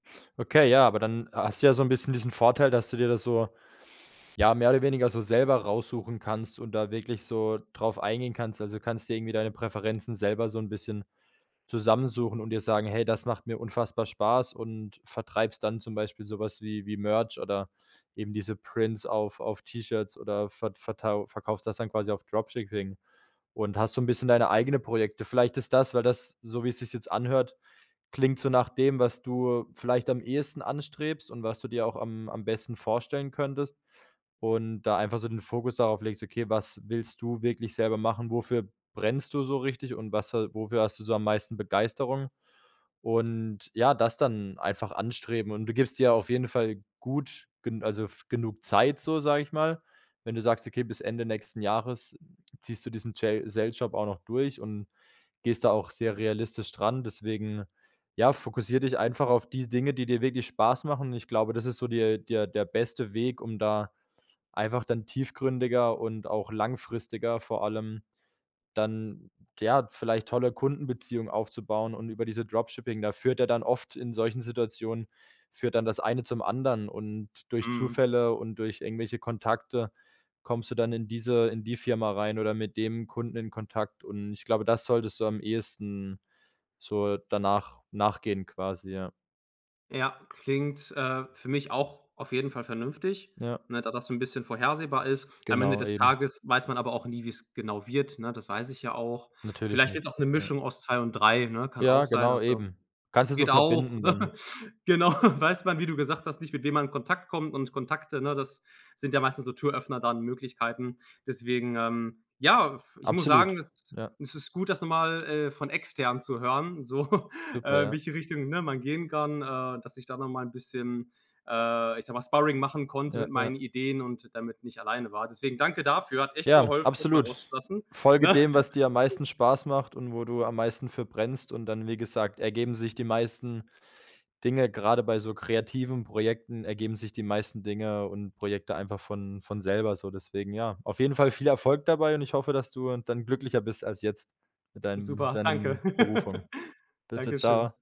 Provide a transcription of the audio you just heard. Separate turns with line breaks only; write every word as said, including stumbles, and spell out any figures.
Okay, ja, aber dann ha hast du ja so 'n bisschen diesen Vorteil, dass du dir das so ja, mehr oder weniger so selber raussuchen kannst und da wirklich so drauf eingehen kannst. Also, du kannst dir irgendwie deine Präferenzen selber so 'n bisschen zusammensuchen und dir sagen: „Hey, das macht mir unfassbar Spaß“ und vertreibst dann zum Beispiel so was wie wie Merch oder eben diese Prints auf auf T-Shirts oder vert vertau verkaufst das dann quasi auf Dropshipping und hast so 'n bisschen deine eigene Projekte. Vielleicht ist das weil das, so wie es sich's jetzt anhört, klingt so nach dem, was du vielleicht am ehesten anstrebst und was du dir auch am am besten vorstellen könntest und da einfach so den Fokus darauf legst: Okay, was willst du wirklich selber machen? Wofür brennst du so richtig und was ha wofür hast du so am meisten Begeisterung und, ja, das dann einfach anstreben und du gibst dir auf jeden Fall gut gen also f genug Zeit so, sage ich mal, wenn du sagst, okay, bis Ende nächsten Jahres ziehst du diesen Jail Sales Job auch noch durch und gehst da auch sehr realistisch dran. Deswegen, ja, fokussier dich einfach auf die Dinge, die dir wirklich Spaß machen und ich glaube, das ist so der der der beste Weg, um da einfach dann tiefgründiger und auch langfristiger vor allem dann, ja, vielleicht tolle Kundenbeziehungen aufzubauen und über diese Dropshipping, da führt ja dann oft in solchen Situationen führt dann das eine zum anderen und durch
Mhm.
Zufälle und durch irgendwelche Kontakte kommst du dann in diese in die Firma rein oder mit dem Kunden in Kontakt und ich glaube, das solltest du am ehesten so danach nachgehen quasi, ja.
Ja, klingt, äh, für mich auch auf jeden Fall vernünftig,
Ja,
ne, da das so 'n bisschen vorhersehbar ist. Am Ende
Genau,
des
eben.
Tages weiß man aber auch nie, wie's genau wird, ne? Das weiß ich ja auch.
Natürlich
Vielleicht wird's
nicht,
auch 'ne
ja
Mischung aus zwei und drei, ne, kann
Ja,
auch sein.
genau
Also,
eben, kannst du so
geht auch,
verbinden dann.
genau, weiß man, wie du gesagt hast, nicht mit wem man in Kontakt kommt und Kontakte, ne, das sind ja meistens so Türöffner da an Möglichkeiten. Deswegen, ähm, ja, f ich muss sagen,
Absolut,
es
ja.
es ist gut, das noch mal, äh, von Extern zu hören, so,
Super,
äh,
ja.
welche Richtung, ne, man gehen kann, äh, dass ich da noch mal 'n bisschen, äh, ich sage mal, Sparring machen konnte
Ja,
mit
ja.
meinen Ideen und damit nicht alleine war. Deswegen danke dafür, hat echt
Ja,
geholfen, das mal
absolut.
rauszulassen,
Folge
ne?
dem, was dir am meisten Spaß macht und wo du am meisten für verbrennst und dann, wie gesagt, ergeben sich die meisten Dinge. Grade bei so kreativen Projekten ergeben sich die meisten Dinge und Projekte einfach von von selber so, deswegen, ja. Auf jeden Fall viel Erfolg dabei und ich hoffe, dass du dann glücklicher bist als jetzt mit deinem mit
Super, danke.
deinem Berufung. Bitte,
Dankeschön.
tschau.